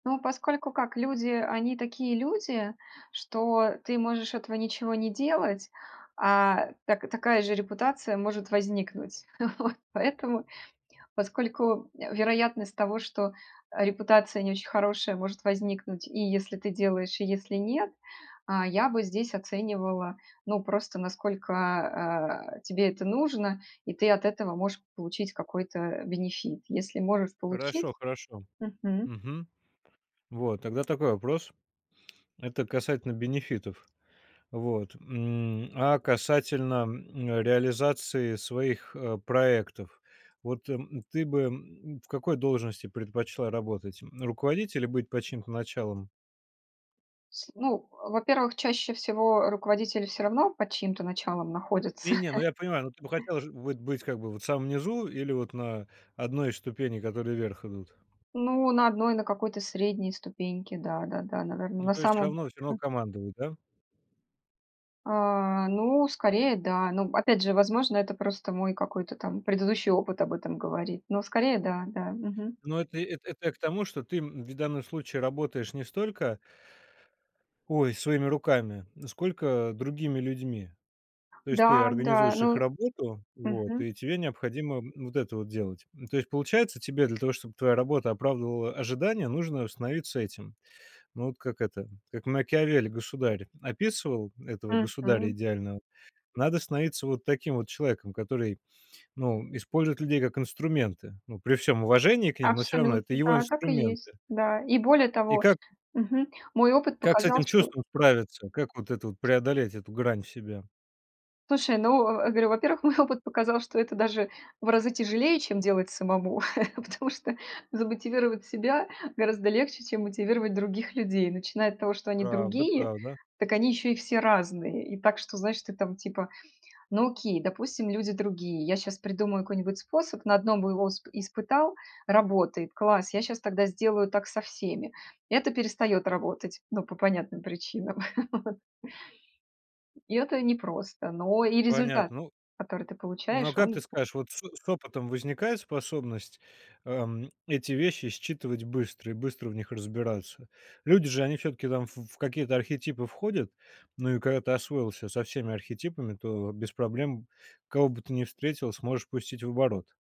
Да. Поскольку, как люди, они такие люди, что ты можешь этого ничего не делать, а так такая же репутация может возникнуть. Вот. Поэтому, поскольку, э, вероятность того, что, э, репутация не очень хорошая может возникнуть и если ты делаешь, и если нет, а, я бы здесь оценивала, ну, просто насколько, э, тебе это нужно и ты от этого можешь получить какой-то бенефит. Если можешь получить Хорошо, хорошо. Мгм. Мгм. Вот. Тогда такой вопрос. Это касательно бенефитов. Вот, м, а, касательно, м, реализации своих, э, проектов? Вот, м, ты бы, м, в какой должности предпочла работать? М, руководителем или быть под чьим-то началом Сл ну, во-первых, чаще всего, э, руководитель всё равно под чьим-то началом находится. Не-не, ну, я понимаю, но ты бы хотела ж вот быть как бы в самом низу или вот на 1 ступени, которые вверх идут? Ну, на 1, на какой-то средней ступеньке. Да-да-да, наверно. Ну, На то есть всё самом, равно всё равно м командовать, да? А, ну, скорее да. Но опять же, возможно, это просто мой какой-то там предыдущий опыт об этом говорит. Но скорее да, да. Мгм. Но это это это я к тому, что ты, м, ведь в данном случае работаешь не столько ой, своими руками, сколько другими людьми. То есть ты Да, да. организуешь их Ну работу, вот, мгм. и тебе необходимо, м, вот это вот делать. Ну, то есть получается, тебе для того, чтоб твоя работа оправдывала ожидания, нужно становиться этим, ну, вот как это, как Макиавелли "Государь" описывал этого государя Мгм. идеального. Надо становиться вот таким вот человеком, который, ну, использует людей как инструменты. Ну, при всём уважении к ним, но всё равно это Абсолютно, его да, так и есть. инструменты. Да и более И того как мгм, мой опыт как с показал, этим что чувством справиться? Как вот это вот преодолеть эту грань в себе? Слушай, ну, э, говорю, во-первых, мой опыт показал, что это даже в разы тяжелее, чем делать самому. Потому что замотивировать себя гораздо легче, чем мотивировать других людей. Начиная от того, что они Правда, другие, правда. так они ещё и все разные. И так, что, знаешь, ты там, типа: "Ну, окей, допустим, люди другие, я щас придумаю какой-нибудь способ, на 1 бы его усп испытал- работает, класс, я щас тогда сделаю так со всеми". Это перестаёт работать, ну, по понятным причинам. Вот. И это непросто. Но и результат, Понятно. Ну который ты ну, а получаешь, как ты он скажешь, вот с с опытом возникает способность, эм, эти вещи считывать быстро и быстро в них разбираться? Люди же, они всё-таки там, ф в какие-то архетипы входят. Ну, и когда ты освоился со всеми архетипами, то без проблем, кого бы ты ни встретил, сможешь пустить в оборот.